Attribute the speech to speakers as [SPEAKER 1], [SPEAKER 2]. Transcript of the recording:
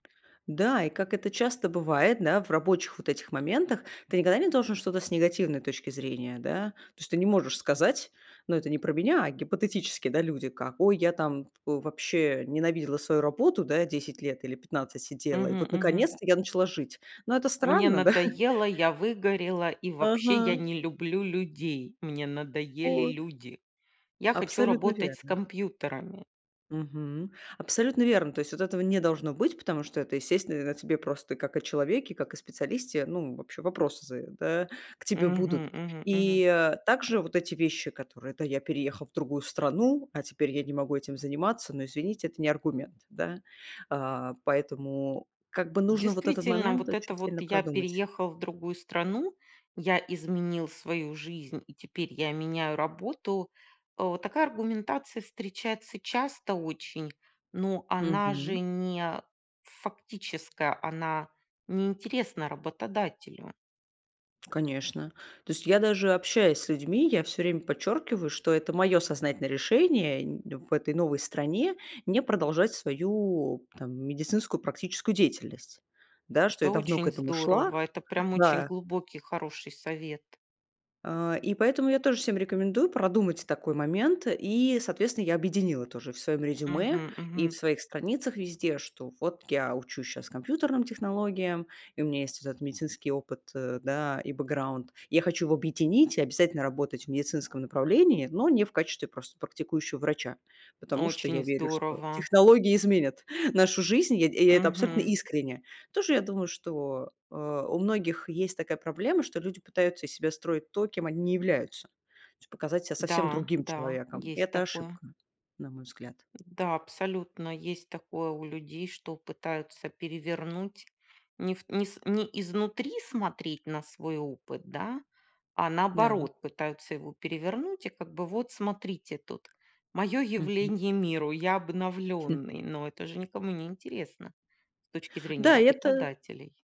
[SPEAKER 1] Да, и, как это часто бывает, да, в рабочих вот этих моментах, ты никогда не должен что-то с негативной точки зрения, да, то есть ты не можешь сказать: "Ну, это не про меня, а гипотетически, да, люди, как, ой, я там, э, вообще ненавидела свою работу, да, я 10 лет или 15 сидела, и
[SPEAKER 2] Мгм,
[SPEAKER 1] вот
[SPEAKER 2] мгм.
[SPEAKER 1] наконец-то я начала жить." Но это
[SPEAKER 2] Мне
[SPEAKER 1] странно да.
[SPEAKER 2] надоело, я выгорела и вообще я
[SPEAKER 1] Ага.
[SPEAKER 2] не люблю людей. Мне надоели
[SPEAKER 1] Вот.
[SPEAKER 2] люди. Я хочу
[SPEAKER 1] Абсолютно
[SPEAKER 2] работать с
[SPEAKER 1] верно, ага.
[SPEAKER 2] компьютерами.
[SPEAKER 1] Мгм, абсолютно верно. То есть вот этого не должно быть, потому что это, естественно, о тебе просто как о человеке, как о специалисте. Ну, вообще вопросы за да к тебе
[SPEAKER 2] Мгм,
[SPEAKER 1] будут.
[SPEAKER 2] мгм, мгм.
[SPEAKER 1] И также вот эти вещи, которые: это я переехал в другую страну, а теперь я не могу этим заниматься, но, извините, это не аргумент, да, а. Поэтому как бы нужно вот этот
[SPEAKER 2] Действительно,
[SPEAKER 1] момент
[SPEAKER 2] вот
[SPEAKER 1] очень
[SPEAKER 2] это вот
[SPEAKER 1] сильно
[SPEAKER 2] я
[SPEAKER 1] продумать.
[SPEAKER 2] переехал в другую страну, я изменил свою жизнь, и теперь я меняю работу, э. Такая аргументация встречается часто очень, но она же
[SPEAKER 1] Мгм.
[SPEAKER 2] не фактическая, она не интересна работодателю.
[SPEAKER 1] Конечно. То есть я даже общаясь с людьми, я всё время подчеркиваю, что это мое сознательное решение нь в этой новой стране не продолжать свою там медицинскую практическую деятельность, да. Что
[SPEAKER 2] Это
[SPEAKER 1] я давно к
[SPEAKER 2] очень
[SPEAKER 1] этому шла,
[SPEAKER 2] здорово. Это прям очень
[SPEAKER 1] да.
[SPEAKER 2] глубокий хороший совет.
[SPEAKER 1] А. И поэтому я тоже всем рекомендую продумать такой момент. И, соответственно, я объединила тоже в своем резюме
[SPEAKER 2] Мгм,
[SPEAKER 1] и в
[SPEAKER 2] мгм.
[SPEAKER 1] своих страницах везде, что вот я учусь щас компьютерным технологиям, и у меня есть вот этот медицинский опыт, э, да, и бэкграунд, и я хочу его объединить и обязательно работать в медицинском направлении, но не в качестве просто практикующего врача, потому что я
[SPEAKER 2] Очень
[SPEAKER 1] верю, что
[SPEAKER 2] здорово.
[SPEAKER 1] технологии изменят нашу жизнь, и я эт и я это абсолютно
[SPEAKER 2] Мгм.
[SPEAKER 1] искренне. Тоже я думаю, что, э, у многих есть такая проблема, что люди пытаются из себя строить то, кем они не являются, то есть показать себя совсем
[SPEAKER 2] Да,
[SPEAKER 1] другим
[SPEAKER 2] да,
[SPEAKER 1] человеком. И
[SPEAKER 2] есть
[SPEAKER 1] это
[SPEAKER 2] такое.
[SPEAKER 1] ошибка, на мой взгляд.
[SPEAKER 2] Да, абсолютно есть такое у людей, что пытаются перевернуть, не в не с не изнутри смотреть на свой опыт да, а
[SPEAKER 1] Да, м.
[SPEAKER 2] наоборот пытаются его перевернуть и как бы вот смотрите тут, мое
[SPEAKER 1] Мгм.
[SPEAKER 2] явление миру, я
[SPEAKER 1] Хм.
[SPEAKER 2] обновленный, но это же никому не интересно с точки зрения
[SPEAKER 1] Да, это
[SPEAKER 2] работодателей.